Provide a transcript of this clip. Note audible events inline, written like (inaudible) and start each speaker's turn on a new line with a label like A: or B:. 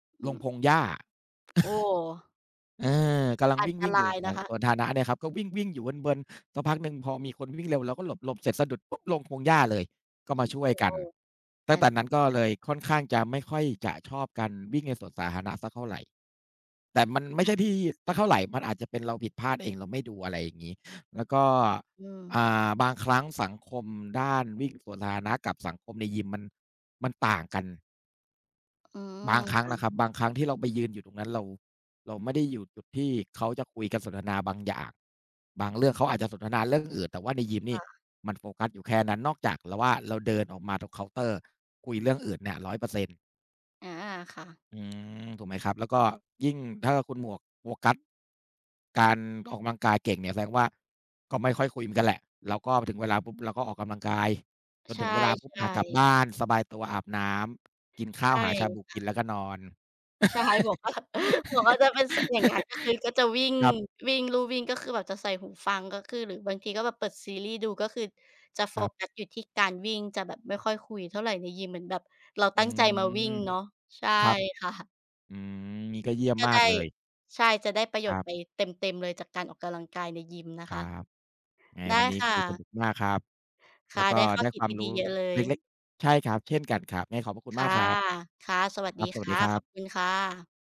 A: อื
B: ลง
A: อ
B: พงหญ้า
A: โอ้
B: เออ เออ กำลัง
A: อั
B: ว
A: นต
B: ิ่ง
A: ร
B: ๆ อยู่
A: าย
B: ส ส่
A: น
B: า
A: ะ
B: ย
A: ค
B: ส
A: ะ
B: วนธาณะ เนี่ยครับ ก็วิ่ง ๆ อยู่เวิน ๆ สักพักหนึ่ง พอมีคนวิ่งเร็ว เราก็หลบ หลบเสร็จสะดุดปุ๊บลงพงหญ้าเลย ก็
A: อ
B: ม
A: ื
B: า
A: อ
B: ช่วยก
A: โ
B: ั
A: อ
B: น
A: ้
B: ตั
A: ๆ
B: ้
A: อ
B: ง
A: ั
B: แต
A: น
B: ่น
A: ต
B: ั้นก
A: ร
B: ็
A: าย
B: เลยค่อนข้างจะ ไม่ค่อยจะชอบกัน วิ่งในสวนสาธารณะสักเท่าไร แต่มันไม่
A: ค
B: ใช
A: ่ะ
B: ่ที่ สักเท่าไร มันอาจจะเป็นเราผิดพลาดเอง เราไม่ดู อะไรอย่างงี้ แล้วก็
A: อือ
B: อ่า บางครั้งสังคมด้านวิ่งสวนสาธารณะ กับสังคมในยิมมัน มันต่างกัน
A: อื
B: บา
A: อ
B: งครั้
A: ค
B: ง
A: ่ะ
B: นะครับ บางครั้งที่เราไปยืนอยู่ตรงนั้น เรา เราไม่ได้อยู่จุดที่เขาจะคุยกัน สนทนาบางอย่าง บางเรื่อง เขาอาจจะสนทนาเรื่องอื่น แต่ว่าในยิมน
A: ค
B: ี่
A: ่ะ
B: มันโฟกัสอยู่แค่นั้น นอกจากเราว่า เราเดินออกมาตรงเคาน์เตอร์ คุยเรื่องอื่นเนี่ย 100 เปอร์เซ็นต์
A: อา ค่ะ
B: อืม ถูกไหมครับ? แล้วก็ยิ่งถ้าคุณหมวกโฟกัส การ ออกกำลังกายเก่งเนี่ยแสดงว่า ก็ไม่ค่อยคุยเหมือนกัน แหละ เราก็ พอถึงเวลาปุ๊บเราก็ออกกำลังกาย จน
A: ใช่
B: ถึงเวลาปุ๊บอะกลับ
A: ๆ
B: บ้านสบายตัว อาบน้ำ กินข้
A: ใช
B: าว
A: ่
B: หาชาบู
A: ค
B: ก
A: ่
B: ิ
A: ะ
B: นแล้วก็นอน
A: ใช่ หมวก ว่า หมวกก็จะเป็นเสียอย่างเงี้ย ก็คือก็จะวิ่ง
B: (laughs) ครับ
A: วิ่ง ลู่วิ่ง ก็คือแบบจะใส่หูฟัง ก็คือ หรือบางทีก็แบบเปิดซีรีส์ดู ก็คือจะโฟ
B: ครับ
A: กัสอยู่ที่ การวิ่งจะแบบไม่ค่อยคุยเท่าไรในยิม เหมือนแบบเรา
B: อื
A: ตั้งใจมา วิ่
B: ม
A: งเนาะ ใช่
B: ครับ
A: ค่ะ
B: อืม นี่ก็เยี่ยม
A: ก็
B: มา
A: ได
B: ก
A: ้
B: เลย
A: ใช่ จะได้ประโย
B: ค
A: ช
B: ร
A: น
B: ั
A: ์
B: บ
A: ไปเต็ม ๆ เลย จากการออกกำลังกายในยิมนะ
B: ค
A: ค
B: รั
A: ะ
B: บ ไง
A: ได้
B: วันนี้
A: ค่
B: คุยส
A: ะ
B: นุกมากครับ
A: ค
B: แล
A: ่
B: ้
A: ะ
B: วก
A: ไ
B: ็
A: ด้ข้อ
B: ได้
A: คิ
B: ค
A: ด
B: วามร
A: ดี
B: ู้
A: ๆ เยอะเล
B: เ
A: ย
B: ล็ก ๆ ใช่ครับ เช่นกันครับ ไงขอบพระคุ
A: ค
B: ณ ม
A: ่
B: า
A: ะ
B: กครับ
A: ค่ะ สวัส
B: คร
A: ดี
B: ับ ส
A: ค
B: วัสด
A: ่
B: ี
A: ะ
B: ครั
A: ขอ
B: บ
A: บคุณค่ะ